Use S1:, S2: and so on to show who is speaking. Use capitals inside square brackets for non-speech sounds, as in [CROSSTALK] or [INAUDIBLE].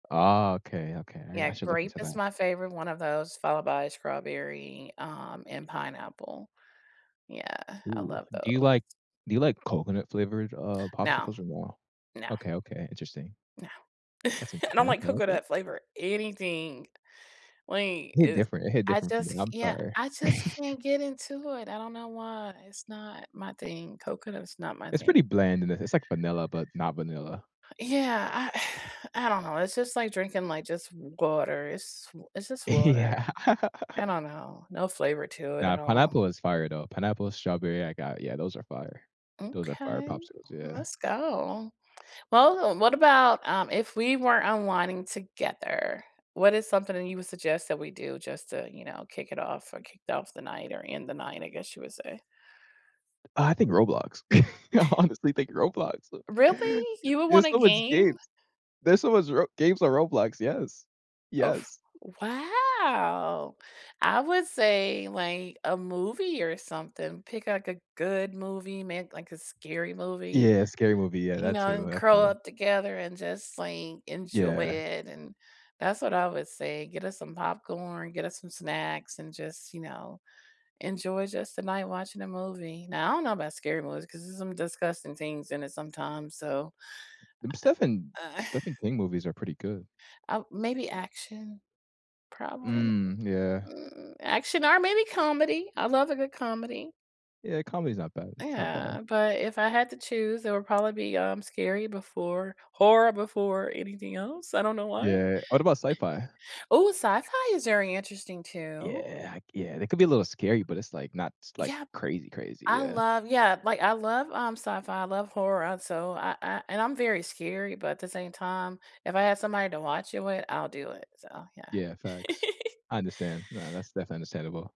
S1: Ah, okay, okay, I r
S2: Yeah,
S1: I should look
S2: grape
S1: into
S2: is
S1: that.
S2: my favorite one of those, followed by strawberry, um, and pineapple. Yeah, I
S1: Ooh,
S2: love
S1: do you
S2: those.
S1: like do you like coconut-flavored, uh,
S2: No.
S1: popsicles or no?
S2: No.
S1: Okay, okay, interesting.
S2: No.
S1: That's
S2: [CHUCKLES] I don't
S1: interesting,
S2: like
S1: okay, okay.
S2: coconut-flavor anything. Wait,
S1: Hit
S2: is
S1: different it hit
S2: I
S1: different for
S2: just
S1: me,
S2: c
S1: I'm
S2: Yeah,
S1: sorry.
S2: I just can't get
S1: [CHUCKLES]
S2: into it, I don't know why, it's not my thing, coconut is not my
S1: It's pretty
S2: thing.
S1: bland and i it's like vanilla, but not vanilla.
S2: Yeah, I [SIGHS] I don't know, it's just like drinking, like, just water, it's w it's just
S1: Yeah.
S2: water. I don't know, no flavor
S1: [LAUGHS]
S2: to it
S1: Nah,
S2: at all.
S1: pineapple is fire, though. Pineapple and strawberry, I got, yeah, those are fire. Those are fire
S2: Okay.
S1: popsicles, yeah.
S2: Let's go. Well, what about, um, if we were unwinding together, what is something that you would suggest that we do just to, you know, kick it off or kick off the night or end the night, I guess you would say?
S1: I think Roblox. [CHUCKLES] I
S2: [CHUCKLES]
S1: honestly think Roblox. C
S2: Really? You would
S1: There's
S2: wanna
S1: so much
S2: game?
S1: games. There's so much Ro games on Roblox, yes.
S2: Oh f
S1: Yes.
S2: wow! I would say, like, a movie or something. Pick, like, a good movie, ma like a scary movie,
S1: Yeah, scary movie, yeah,
S2: you
S1: that
S2: know,
S1: too
S2: and
S1: that
S2: curl
S1: too.
S2: up together and just, like, enjoy
S1: Yeah.
S2: it and that's what I would say. Get us some popcorn, get us some snacks, and just, you know, enjoy just the night watching a movie. Now I don't know about scary movies 'cause there's some disgusting things in it sometimes so
S1: M Stephen
S2: Uh [SIGHS]
S1: Stephen King movies are pretty good.
S2: Uh, maybe action. Probably
S1: Mm, yeah.
S2: Mm, action or maybe comedy, I love a good comedy.
S1: Yeah, comedy's not bad, it's not bad.
S2: Yeah, but if I had to choose, it would probably be, um, scary before horror before anything else, I don't know why.
S1: Yeah. What about sci-fi?
S2: Ooh, sci-fi is very interesting, too.
S1: Yeah, h Yeah, they can be a little scary, but it's, like, not s like,
S2: Yeah
S1: crazy, crazy,
S2: I
S1: yeah.
S2: love yeah, like, I love, um, sci-fi, I love horror and so I I and I'm very scary, but at the same time, if I had somebody to watch it with, I'll do it, so yeah.
S1: Yeah, facts.
S2: [GIGGLES]
S1: I understand. No, that's definitely understandable.